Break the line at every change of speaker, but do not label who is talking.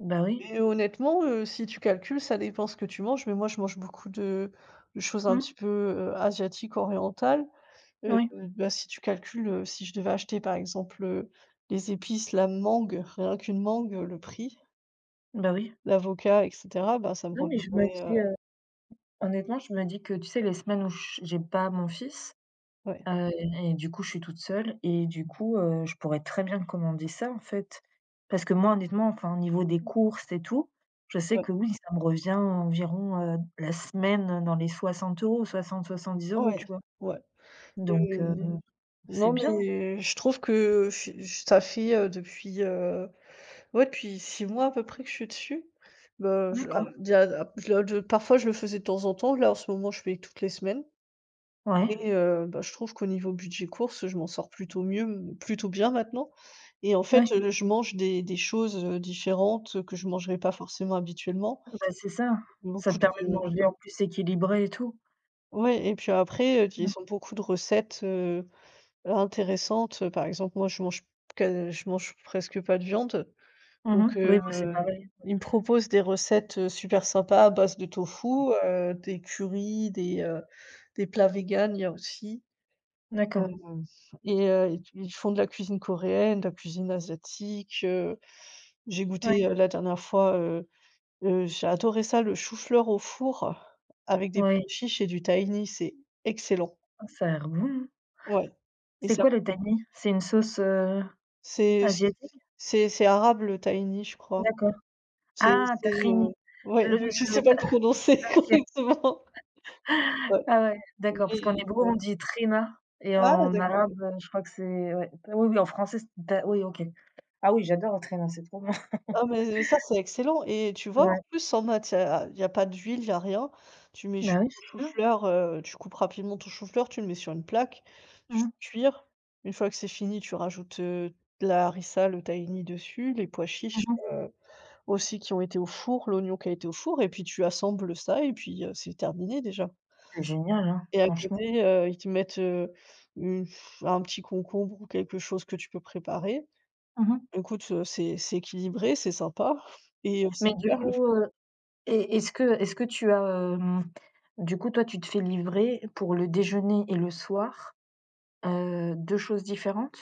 Bah oui.
Et honnêtement, heu, si tu calcules, ça dépend ce que tu manges, mais moi, je mange beaucoup de de choses un
Mmh.
petit peu, heu, asiatiques, orientales. Heu,
Oui.
bah, si tu calcules, heu, si je devais acheter, par exemple, heu, les épices, la mangue. Ren qu'une mangue, heu, le prix
Bah oui.
l'avocat et cetera. Bah, ça me
Non, mais je me
reviendrait, heu
dis, heu, honnêtement, je me dis que, tu sais, les semaines où je j'ai pas mon fils,
Ouais.
heu et du coup, je suis toute seule et du coup, heu, je pourrais très bien commander ça, en fait. Parce que moi, honnêtement, enfin, au niveau des courses et tout, je sais que,
Ouais.
oui, ça me revient environ, heu, la semaine dans les 60€, 60-70€,
Ouais,
tu vois?
ouais
Donc,
et
heu, mmh, c'est
non
bien.
mais je trouve que ce ça fait, heu, depuis heu, ouais, depuis 6 mois à peu près que je suis dessus. Bah je
D'accord.
alors déjà la d j parfois, je le faisais de temps en temps, là, en ce moment, je fais toutes les semaines
Ouais.
et heu bah, je trouve qu'au niveau budget courses, heu, je m'en sors plutôt mieux plutôt bien maintenant. Et en fait,
Ouais.
heu, je mange des des choses, heu, différentes que je mangerais pas forcément habituellement.
Ouais bah, c'est ça. Ça
Beaucoup
te permet de
de
manger, en plus, équilibré et tout.
Ouais et puis après, heu, ils
Mmh.
ont beaucoup de recettes, heu, intéressantes, heu, par exemple, moi, je mange qua je mange presque pas de viande.
Mmh
Donc,
mh. Oui,
heu,
moi, c'est pareil.
ils me proposent des recettes, heu, super sympas à base de tofu, heu, des currys, des, heu, des plats vegans, il y a aussi.
D'accord.
Hem et heu et ils f ils font de la cuisine coréenne, de la cuisine asiatique, heu, j'ai goûté,
Ouais.
heu, la dernière fois, heu-heu, j'ai adoré ça le chou-fleur au four avec des pois
Ouais.
chiches et du tahini, c'est excellent.
Oh, ça a l'air bon!
Ouais. Et
C'est
ça
quoi, le
[unintelligible]
tahini? C'est une sauce, heu,
C'est c
asiatique?
c'est c'est arabe, le tahini, je crois.
D'accord.
C'est
Ah,
c'est,
tahini,
heu, ouais.
le
Donc
le
je
le
sais pas
tah
le
ah,
prononcer
OK.
correctement. Ouais.
Ah ouais, d'accord, parce qu'en
Oui,
hébreu on
bon
dit t'hina et
Ah
en
d'accord.
arabe, heu, je crois que c'est ouais. Oui oui, en français, c'est da oui OK. Ah oui, j'adore le t'hina c'est trop bon.
Ah, mais ça, c'est excellent et tu vois, en
Ouais.
plus, en matiè a il y a il y a pas d'huile, il y a rien. Tu mets du
Bah oui c'est ça.
chou-fleur, heu, tu coupes rapidement ton chou-fleur, tu le mets sur une plaque, tu
Mmh.
cuire. Une fois que c'est fini, tu rajoutes, heu, de la harissa, le tahini dessus, les pois
Mmh
chiches,
mh.
heu, aussi qui ont été au four, l'oignon qui a été au four et puis tu assembles, heu, ça et puis, heu, c'est terminé, déjà.
C'est génial, hein.
Et à
Franchement.
côté, heu, ils te mettent, heu, une f un petit concombre ou quelque chose que tu peux préparer.
Mmh mh.
Écoute, heu, c'est c'est équilibré, c'est sympa et heu,
Mais du
super, le f
coup, heu et est-ce que est-ce que tu as, hem, du coup, toi tu te fais livrer pour le déjeuner et le soir, heu, 2 choses différentes?